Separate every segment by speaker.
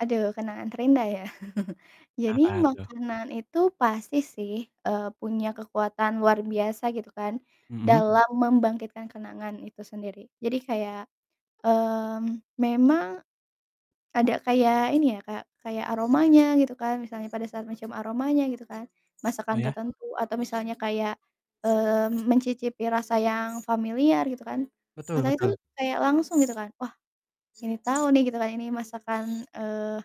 Speaker 1: Aduh, kenangan terindah ya. Jadi
Speaker 2: Apa tuh?
Speaker 1: makanan itu pasti sih, eee, punya kekuatan luar biasa gitu kan
Speaker 2: Mhm.
Speaker 1: dalam membangkitkan kenangan itu sendiri, jadi kayak, mmm, memang ada kayak ini ya Kak, kayak aromanya gitu kan, misalnya pada saat mencium aromanya gitu kan, masakan
Speaker 2: Iya.
Speaker 1: tertentu atau misalnya kayak, mmm, mencicipi rasa yang familiar gitu kan,
Speaker 2: Betul
Speaker 1: otak itu
Speaker 2: betul.
Speaker 1: kayak langsung gitu, kan wah, ini tahu nih gitu kan ini masakan, eee,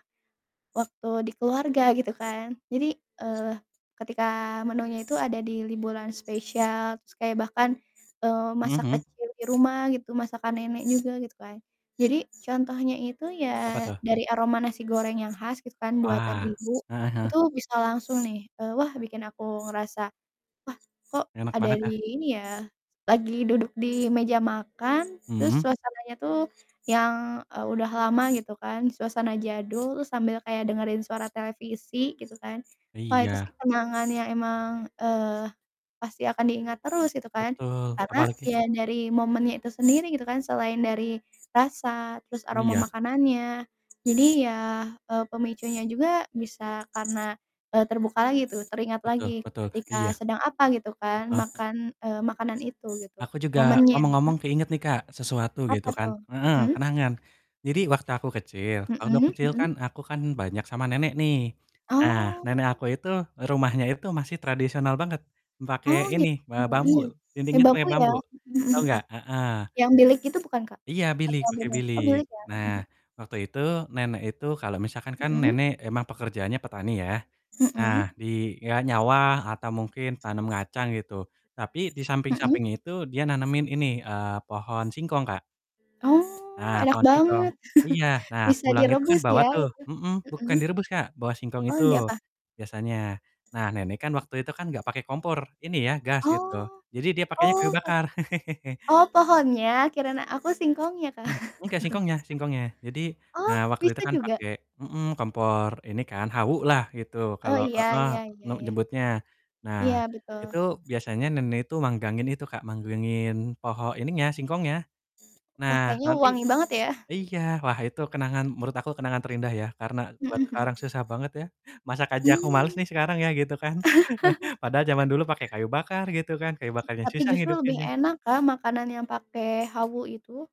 Speaker 1: waktu di keluarga gitu kan, jadi, eee, ketika menunya itu ada di liburan spesial, terus kayak bahkan, eee,
Speaker 2: Mhm
Speaker 1: masak
Speaker 2: mhm.
Speaker 1: kecil di rumah gitu, masakan nenek juga gitu kan. Jadi contohnya itu
Speaker 2: Apa
Speaker 1: ya
Speaker 2: tuh?
Speaker 1: dari aroma nasi goreng yang khas gitu kan buatan
Speaker 2: Wah,
Speaker 1: ibu,
Speaker 2: heeh heeh.
Speaker 1: itu bisa langsung nih, eee, wah bikin aku ngerasa wah kok
Speaker 2: Enak
Speaker 1: ada
Speaker 2: banget kah?
Speaker 1: di ini ya, lagi duduk di meja makan terus
Speaker 2: Mhm.
Speaker 1: suasananya tuh yang, eee, udah lama gitu kan suasana jadul, sambil kayak dengerin suara televisi gitu kan, wah, itu
Speaker 2: Iya.
Speaker 1: sih kenangan yang emang, eee, pasti akan diingat terus gitu kan.
Speaker 2: Betul,
Speaker 1: Karena
Speaker 2: apalagi
Speaker 1: ya dari momennya itu sendiri gitu kan selain dari rasa, terus aroma
Speaker 2: Iya.
Speaker 1: makanannya, jadi ya, eee, pemicunya juga bisa karena, eee, terbuka lagi tuh teringat
Speaker 2: Betul
Speaker 1: lagi
Speaker 2: betul, iya.
Speaker 1: ketika sedang apa gitu kan,
Speaker 2: Heeh.
Speaker 1: makan eee, makanan itu gitu
Speaker 2: Aku juga
Speaker 1: momennya.
Speaker 2: ngomong-ngomong
Speaker 1: Mhm.
Speaker 2: keinget nih Kak, sesuatu gitu
Speaker 1: Apa
Speaker 2: kan
Speaker 1: tuh?
Speaker 2: heeh,
Speaker 1: Mhm.
Speaker 2: kenangan. Jadi waktu aku kecil, waktu
Speaker 1: Mhm
Speaker 2: kecil kan
Speaker 1: mhm.
Speaker 2: aku kan banyak sama nenek nih. Nah nenek
Speaker 1: Oh.
Speaker 2: aku itu, rumahnya itu masih tradisional banget, pake
Speaker 1: Oh,
Speaker 2: ini,
Speaker 1: gitu,
Speaker 2: be bambu,
Speaker 1: iya. Pake
Speaker 2: dindingnya pake
Speaker 1: bambu ya,
Speaker 2: bambu,
Speaker 1: mhm
Speaker 2: tau
Speaker 1: mhm.
Speaker 2: gak? Heeh.
Speaker 1: Yang bilik gitu bukan Kak?
Speaker 2: Iya bilik,
Speaker 1: Atau
Speaker 2: pake
Speaker 1: beda? Oh,
Speaker 2: bilik.
Speaker 1: bilik ya
Speaker 2: Nah,
Speaker 1: mhm mhm.
Speaker 2: waktu itu nenek itu kalau misalkan kan
Speaker 1: Mhm.
Speaker 2: nenek emang pekerjaannya petani ya. Nah,
Speaker 1: Mhm.
Speaker 2: dia nyawah atau mungkin tanam kacang gitu, tapi di
Speaker 1: Mhm.
Speaker 2: samping-samping itu dia nanemin ini, eee, pohon singkong Kak.
Speaker 1: Oh,
Speaker 2: Nah,
Speaker 1: enak
Speaker 2: pohon singkong.
Speaker 1: banget
Speaker 2: Iya, nah
Speaker 1: bisa
Speaker 2: pulang itu kan
Speaker 1: direbus
Speaker 2: bawa
Speaker 1: ya
Speaker 2: tuh
Speaker 1: itu?
Speaker 2: mhm, bukan
Speaker 1: Mhm.
Speaker 2: direbus Kak, bawa singkong
Speaker 1: Oh,
Speaker 2: itu
Speaker 1: di apa?
Speaker 2: biasanya. Nah nenek kan waktu itu kan gak pakai kompor ini ya, gas gitu,
Speaker 1: Oh.
Speaker 2: jadi dia pakainya kayu
Speaker 1: Oh.
Speaker 2: bakar.
Speaker 1: Oh, pohonnya kirain aku singkongnya Kak.
Speaker 2: Enggak, singkongnya singkongnya jadi,
Speaker 1: Oh,
Speaker 2: eee, waktu itu
Speaker 1: bisa
Speaker 2: kan
Speaker 1: juga?
Speaker 2: pakai mhm, kompor ini kan, hawu lah gitu
Speaker 1: Oh,
Speaker 2: kalau
Speaker 1: iya
Speaker 2: heeh,
Speaker 1: iya iya
Speaker 2: nem
Speaker 1: iya.
Speaker 2: nyebutnya. Nah,
Speaker 1: Iya,
Speaker 2: itu
Speaker 1: betul.
Speaker 2: biasanya nenek itu manggangin itu Kak, manggangin pohon ininya, singkongnya.
Speaker 1: Wah,
Speaker 2: Nah
Speaker 1: kayaknya
Speaker 2: nanti
Speaker 1: wangi banget ya?
Speaker 2: iya, wah itu kenangan menurut aku kenangan terindah ya, karena buat
Speaker 1: Mhm mhm.
Speaker 2: sekarang susah banget ya, masak aja aku males
Speaker 1: Hmm.
Speaker 2: nih sekarang ya gitu kan, padahal zaman dulu pakai kayu bakar gitu kan, kayu
Speaker 1: [unintelligible]
Speaker 2: bakarnya
Speaker 1: Tapi
Speaker 2: susah
Speaker 1: justru lebih
Speaker 2: ngidupinnya.
Speaker 1: enak Kak, makanan yang pakai hawu itu.